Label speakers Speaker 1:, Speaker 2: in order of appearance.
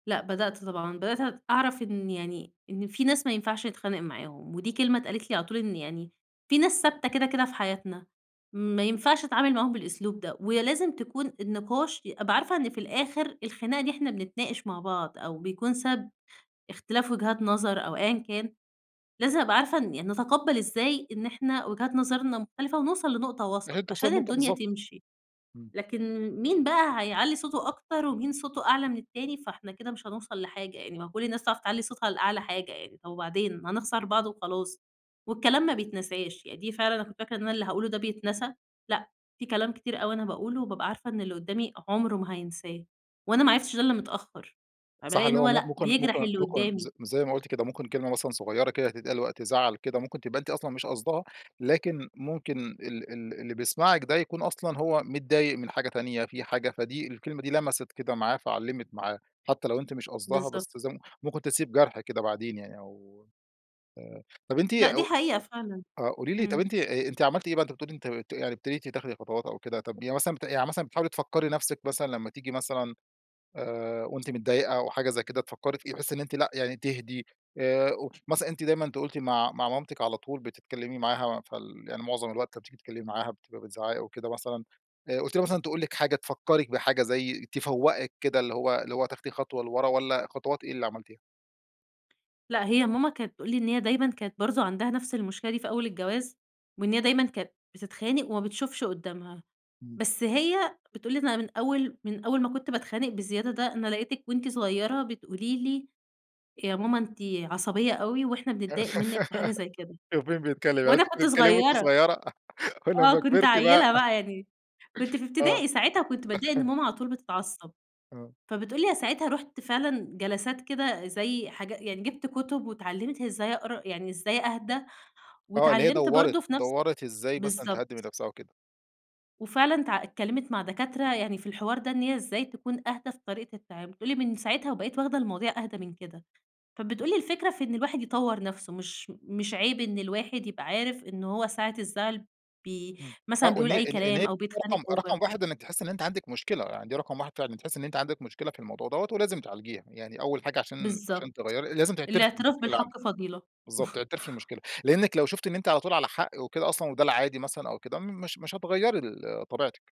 Speaker 1: لأ بدأت طبعًا، بدأت أعرَف إن يعني، إن في ناس ما ينفَعش نتخانق معاهم ودي كلمة اتقالِت لي على طول، إن يعني في ناس ثابتة كده، كده، في حياتنا ما ينفعش نتعامل معاهم بالأسلوب ده، ولازم تكون النِّقاش أبقى عارفة إن في الآخر الخناقة دي إحنا بنتناقش مع بعض أو بيكون سبب إختلاف وجهات نظر أو أيًّا كان لازم أبقى عارفة إن يعني نتقبّل إزاي إن إحنا وجهات نظرنا مختلِفة ونوْصل لنقطة
Speaker 2: لغاية
Speaker 1: وسط عشان
Speaker 2: توْصَلوا لنقطة
Speaker 1: الدنيا
Speaker 2: بالضبط.
Speaker 1: تمشي،
Speaker 2: إمم.
Speaker 1: لكن مين بقى هيعلّي صوته أكتر ومين صوته أعلى من التاني فإحنا كده مش هنوصَل لحاجة يعني، ما هو كل الناس تعرف تعلّي صوتها لأعلى حاجة يعني. طَب وبعدين هنخسَر بعض وخلاص والكلام ما بيتنساش يعني دي فعلًا أنا كنت فاكرة إن أنا اللي هاقوله ده بيتنسى لأ، في كلام كتير أوي أنا باقوله وبابقى عارفة إن اللي قدامي عُمره ما هينساه وأنا ما عرفتش ده إلّا متأخر.
Speaker 2: صح
Speaker 1: فبالاقي
Speaker 2: اللي
Speaker 1: إن
Speaker 2: هو
Speaker 1: هو
Speaker 2: م
Speaker 1: لأ
Speaker 2: ممكن
Speaker 1: بيجرَح
Speaker 2: ممكن
Speaker 1: اللي
Speaker 2: ممكن ز
Speaker 1: قدامي.
Speaker 2: زي ما قُلتِ كده، ممكن كلمة مثلًا صغيّرة كده تتقال وقت زعَل كده، ممكن تبقي أنتِ أصلًا مش قاصْداها لكن ممكن ال ال اللي بيسمَعك ده يكون أصلًا هو متضايق من حاجة تانية في حاجة فدي الكلمة دي لمَسِت كده معاه فعلِّمت معاه حتى لو أنتِ مش قاصْداها
Speaker 1: بالضبط.
Speaker 2: بس ممكن تسيْب جرْح كده، بعدين يعني أو آآ، طَب أنتِ
Speaker 1: لأ دي
Speaker 2: أو
Speaker 1: حقيقة فعلًا.
Speaker 2: آآ قولي لي طَب
Speaker 1: إمم.
Speaker 2: أ أنتِ عملتِ إيه بعد ما بتقولي أنتِ أنتِ يعني ابتديتِ تاخدي خطوات أو كده، طَب يعني مثلًا يعني مثلًا بتحاولي تفكّري نفْسِك مثلًا لما تيجي مثلًا آآ وأنتِ متضايقة أو حاجة زي كده تفكّري فيه، تحسّي إن أنتِ لأ، يعني تهدِي آآ، مثلًا أنتِ دايمًا، أنتِ قُلتِ مع مع مامتِك على طول، بتتكلّمي معاها فال يعني معظم الوقت لما بتيجي تتكلمي معاها بتبقى بتزعّقي وكده مثلًا آآ قُلتِ لي مثلًا، تقول لِك حاجة، تفكّرك بحاجة زي تفوّقِك كده اللي هو، اللي هو تاخدي خطوة لورا والّا خطوات إيه اللي عملتيها؟
Speaker 1: لا هي ماما كانت تقول لي إن هي دايمًا كانت برضه عَندها نفْس المشكلة دي في أول الجواز، وإن هي دايمًا كانت بتتخانق وما بتشوفش قُدّامها،
Speaker 2: إمم.
Speaker 1: بس هي بتقول لي إن من أول من أول ما كُنت باتخانق بالزيادة ده أنا لقيتِك وأنتِ صغيرة بتقولي لي يا ماما أنتِ عصبية أوي وإحنا بنضايق منِّك في حاجة زي كده
Speaker 2: شوف مين بيتكلّم، يعني أنتِ
Speaker 1: وأنا
Speaker 2: كنتِ
Speaker 1: كنت
Speaker 2: بتتكلّمي وأنتِ
Speaker 1: صغيّرة،
Speaker 2: صغيرة
Speaker 1: آه
Speaker 2: ولمّا
Speaker 1: كنت
Speaker 2: كبرتِ بقى،
Speaker 1: عيِّلة بقى يعني، كنت في
Speaker 2: آه.
Speaker 1: إبتدائي ساعتها كنت باتضايق إن ماما على طول بتتعصّب.
Speaker 2: آه.
Speaker 1: فبتقول لي أنا ساعتها رُحت فعلًا جلسات كده زي حاجة يعني جبت كُتب واتعلّمت إزاي أقرا يعني إزاي أهدى
Speaker 2: آه اللي هي
Speaker 1: واتعلّمت
Speaker 2: دوّرِت
Speaker 1: برضه في نفْس
Speaker 2: دوّرِت إزاي مثلًا
Speaker 1: بالضبط.
Speaker 2: تهدّي من نفْسها وكده.
Speaker 1: وفعلًا ت اتكلّمِت مع دكاترة يعني في الحوار ده إن هي إزاي تكون أهْدى في طريقة التعامل، بتقول لي من ساعتها وبقِت واخدة المواضيع أهدَى من كده، فبتقول لي الفكرة في إن الواحد يطوّر نَفسه، مش مش عِيب إن الواحد يبقى عارف إنه هو ساعة الزعل ب
Speaker 2: إمم. آه،
Speaker 1: مثلًا
Speaker 2: او إن
Speaker 1: بيقول أي
Speaker 2: إن هي
Speaker 1: كلام أو بيتخانق
Speaker 2: رقم
Speaker 1: over
Speaker 2: رقم 1 إنِك تحسّي إن أنتِ عَندِك مشكلة، يعني دي رقم 1 فعلًا، تحسّي إن أنتِ عندِك مشكلة في الموضوع دَوّة ولازم تعالجيها، يعني أول حاجة عشان
Speaker 1: بالضبط،
Speaker 2: -عشان تغيّري لازم تعترفي
Speaker 1: الِاعتراف
Speaker 2: بالمشكلة عندِك.
Speaker 1: بِالحق فضيلة.
Speaker 2: بالضبط، تعترفي بالمشكلة لأنِّك لو شُفتِ إن أنتِ على طول على حق وكده أصلًا وده العادي مثلًا أو كده، مش مش هتغيّري ال طبيعتِك.